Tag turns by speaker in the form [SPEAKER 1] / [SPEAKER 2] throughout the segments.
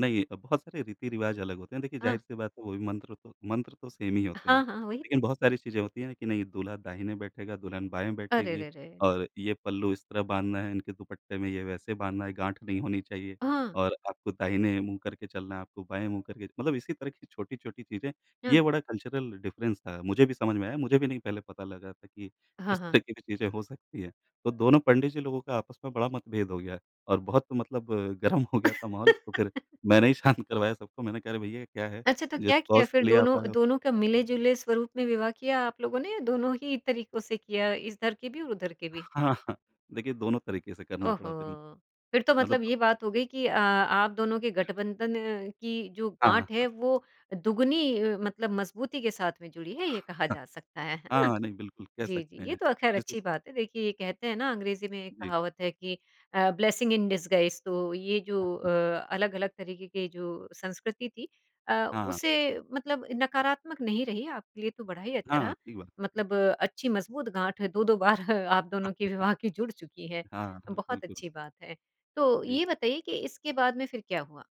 [SPEAKER 1] नहीं, बहुत सारे रीति-रिवाज़ अलग होते हैं। देखिए,
[SPEAKER 2] हाँ।
[SPEAKER 1] ज़ाहिर-सी बात है, वो भी मंत्र तो मंत्र तो सेम ही होते हैं।
[SPEAKER 2] हाँ, हाँ, वही
[SPEAKER 1] लेकिन
[SPEAKER 2] तो।
[SPEAKER 1] बहुत सारी चीज़ें होती हैं कि नहीं, दूल्हा दाहिने बैठेगा, दुल्हन बाएँ
[SPEAKER 2] अरे,
[SPEAKER 1] बैठेगी,
[SPEAKER 2] रे, रे!
[SPEAKER 1] और ये पल्लू इस तरह बाँधना है, इनके दुपट्टे में ये वैसे बाँधना है, गाँठ नहीं होनी चाहिए,
[SPEAKER 2] हाँ।
[SPEAKER 1] और आपको दाहिने मुँह करके चलना है, आपको बाएँ मुँह करके, मतलब इसी तरह की छोटी-छोटी चीज़ें। ये
[SPEAKER 2] हाँ।
[SPEAKER 1] बड़ा कल्चरल डिफ़रेंस था। मुझे भी समझ में आया। मुझे भी नहीं पहले पता लगा था कि
[SPEAKER 2] हाँ,
[SPEAKER 1] इस
[SPEAKER 2] हाँ।
[SPEAKER 1] तरह की भी चीज़ें हो सकती हैं। तो दोनों पंडित जी लोगों का आपस में बड़ा मतभेद हो गया और बहुत मतलब गरम हो गया था माहौल, तो फिर मैंने ही शांत करवाया सबको। मैंने कहा, "अरे! भई, ये क्या है?
[SPEAKER 2] अच्छा, तो
[SPEAKER 1] जिस
[SPEAKER 2] क्या किया
[SPEAKER 1] कॉज़
[SPEAKER 2] फिर?
[SPEAKER 1] के लिए आप
[SPEAKER 2] दोनों
[SPEAKER 1] आए हो"
[SPEAKER 2] दोनों का मिले-जुले स्वरूप में विवाह किया आप लोगों ने, या दोनों ही तरीकों से किया, इधर के भी और उधर के भी?
[SPEAKER 1] हाँ, हाँ। देखिए, दोनों तरीके से करना पड़ा फिर।
[SPEAKER 2] ओहो! फिर तो
[SPEAKER 1] मतलब
[SPEAKER 2] मतलब ये बात हो गई कि अ, आप दोनों के गठबंधन की जो
[SPEAKER 1] हाँ,
[SPEAKER 2] गाँठ है,
[SPEAKER 1] हाँ।
[SPEAKER 2] वो दुगुनी मतलब मज़बूती के साथ में जुड़ी है, ये कहा जा सकता है। है ना?
[SPEAKER 1] हाँ, नहीं, बिल्कुल कह
[SPEAKER 2] जी, जी,
[SPEAKER 1] सकते
[SPEAKER 2] ये
[SPEAKER 1] हैं।
[SPEAKER 2] तो अ, ख़ैर
[SPEAKER 1] [unintelligible]
[SPEAKER 2] अच्छी बात है। देखिए, ये कहते हैं ना, अंग्रेजी में एक
[SPEAKER 1] जी।
[SPEAKER 2] कहावत है कि अ, ब्लेसिंग इन डिसगाइज़, तो ये
[SPEAKER 1] हाँ,
[SPEAKER 2] जो अ,
[SPEAKER 1] हाँ।
[SPEAKER 2] अलग-अलग तरीके के जो संस्कृति थी अ,
[SPEAKER 1] हाँ।
[SPEAKER 2] उसे मतलब नकारात्मक नहीं रही, आपके लिए तो बाद ही अच्छा
[SPEAKER 1] हाँ
[SPEAKER 2] रहा।
[SPEAKER 1] ठीक बात।
[SPEAKER 2] मतलब अच्छी मज़बूत गाँठ 2-2 बार आप दोनों की विवाह की जुड़ चुकी हैं।
[SPEAKER 1] हाँ, हाँ,
[SPEAKER 2] बहुत
[SPEAKER 1] बिल्कुल।
[SPEAKER 2] अच्छी बात है। तो
[SPEAKER 1] जी।
[SPEAKER 2] ये बताइए कि इसके बाद में फिर क्या हुआ?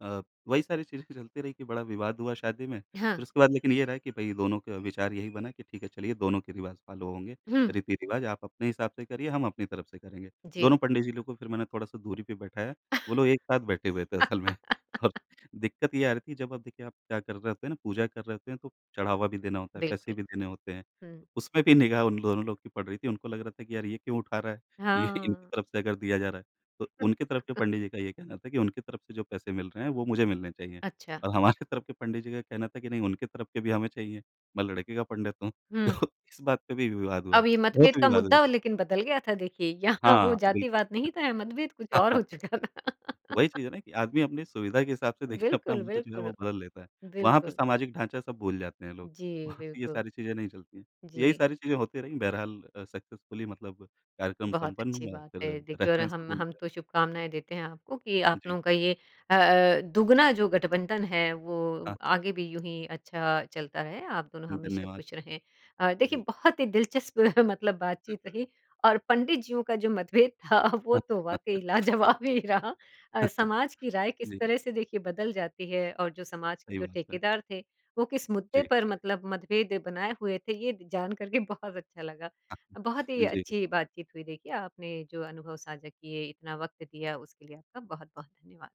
[SPEAKER 1] अ, वही सारी चीज़ें चलती रहीं कि बड़ा विवाद हुआ शादी में। फिर
[SPEAKER 2] हाँ।
[SPEAKER 1] उसके बाद लेकिन ये रहा कि भई, दोनों का विचार यही बना कि, "ठीक है, चलिए, दोनों के रिवाज़ फ़ॉलो होंगे,
[SPEAKER 2] हुँ।
[SPEAKER 1] रीति-रिवाज़। आप अपने हिसाब से करिए, हम अपनी तरफ से करेंगे।"
[SPEAKER 2] जी।
[SPEAKER 1] दोनों पंडित जी लोगों को फिर मैंने थोड़ा-सा दूरी पे बैठाया। वो लोग एक साथ बैठे हुए थे असल में, और दिक्कत ये आ रही थी, जब आप, देखिए, आप क्या कर रहे होते हैं ना, पूजा कर रहे होते हैं, तो चढ़ावा भी देना होता है, पैसे
[SPEAKER 2] बिल्कुल।
[SPEAKER 1] भी देने होते हैं।
[SPEAKER 2] हुँ।
[SPEAKER 1] उसमें भी निगाह उन दोनों लोगों की पड़ रही थी। उनको लग रहा था कि, "यार, ये क्यों उठा रहा है, ये इनकी
[SPEAKER 2] हाँ।
[SPEAKER 1] तरफ से अगर दिया जा रहा है?" तो उनकी तरफ के पंडित जी का ये कहना था कि, "उनकी तरफ से जो पैसे मिल रहे हैं, वो मुझे मिलने चाहिए।"
[SPEAKER 2] अच्छा।
[SPEAKER 1] और हमारे तरफ के पंडित जी का कहना था कि, "नहीं, उनकी तरफ के भी हमें चाहिए, मैं लड़के का पंडित हूँ।"
[SPEAKER 2] हुँ।
[SPEAKER 1] तो इस बात पे भी विवाद हुआ,
[SPEAKER 2] अब ये मतभेद
[SPEAKER 1] बहुत
[SPEAKER 2] का
[SPEAKER 1] विवाद हुआ।
[SPEAKER 2] मुद्दा, लेकिन बदल गया था, देखिए। यहाँ वो
[SPEAKER 1] हाँ, बिल्कुल।
[SPEAKER 2] जातिवाद नहीं था, यहाँ मतभेद कुछ और हो चुका था।
[SPEAKER 1] वही चीज़ है ना कि आदमी अपनी सुविधा के हिसाब से, देखिए, अपना
[SPEAKER 2] बिल्कुल,
[SPEAKER 1] महत्व जो है,
[SPEAKER 2] बिल्कुल।
[SPEAKER 1] वो बदल लेता है। वहाँ पे
[SPEAKER 2] बिल्कुल।
[SPEAKER 1] सामाजिक ढाँचा सब भूल जाते हैं लोग।
[SPEAKER 2] जी,
[SPEAKER 1] वहाँ पे ये
[SPEAKER 2] बिल्कुल।
[SPEAKER 1] सारी चीज़ें नहीं चलती हैं। यही
[SPEAKER 2] जी।
[SPEAKER 1] सारी चीज़ें होती रही, बहरहाल अ, सक्सेसफुली मतलब कार्यक्रम
[SPEAKER 2] बहुत
[SPEAKER 1] संपन्न
[SPEAKER 2] अच्छी
[SPEAKER 1] हुआ,
[SPEAKER 2] बात
[SPEAKER 1] फिर
[SPEAKER 2] है, देखिए, और
[SPEAKER 1] रेफ़रेंस
[SPEAKER 2] हम
[SPEAKER 1] तो।
[SPEAKER 2] हम तो
[SPEAKER 1] [unintelligible]
[SPEAKER 2] शुभकामनाएँ देते हैं आपको कि
[SPEAKER 1] जी।
[SPEAKER 2] अपनों का ये अ अ, दुगुना जो गठबंधन है, वो
[SPEAKER 1] हाँ।
[SPEAKER 2] आगे भी यूँही अच्छा चलता रहे, आप दोनों
[SPEAKER 1] धन्
[SPEAKER 2] हमेशा
[SPEAKER 1] धन्यवाद।
[SPEAKER 2] खुश रहें। अ, देखिए,
[SPEAKER 1] जी।
[SPEAKER 2] बहुत ही दिलचस्प मतलब
[SPEAKER 1] हुँ,
[SPEAKER 2] बातचीत
[SPEAKER 1] हुँ।
[SPEAKER 2] रही और पंडित जीयों का जो मतभेद था, वो तो वाक़ई लाजवाब ही रहा। अ, समाज की राय किस
[SPEAKER 1] जी।
[SPEAKER 2] तरह से, देखिए, बदल जाती है और जो समाज के
[SPEAKER 1] सही
[SPEAKER 2] जो
[SPEAKER 1] बात है।
[SPEAKER 2] ठेकेदार थे, वो किस मुद्दे
[SPEAKER 1] जी।
[SPEAKER 2] पर मतलब मतभेद बनाए हुए थे, ये द जान कर के बहुत अच्छा लगा। बहुत ही
[SPEAKER 1] जी।
[SPEAKER 2] अच्छी बातचीत हुई, देखिए, आपने जो अनुभव साझा किए, इतना वक़्त दिया, उसके लिए आपका बहुत-बहुत धन्यवाद।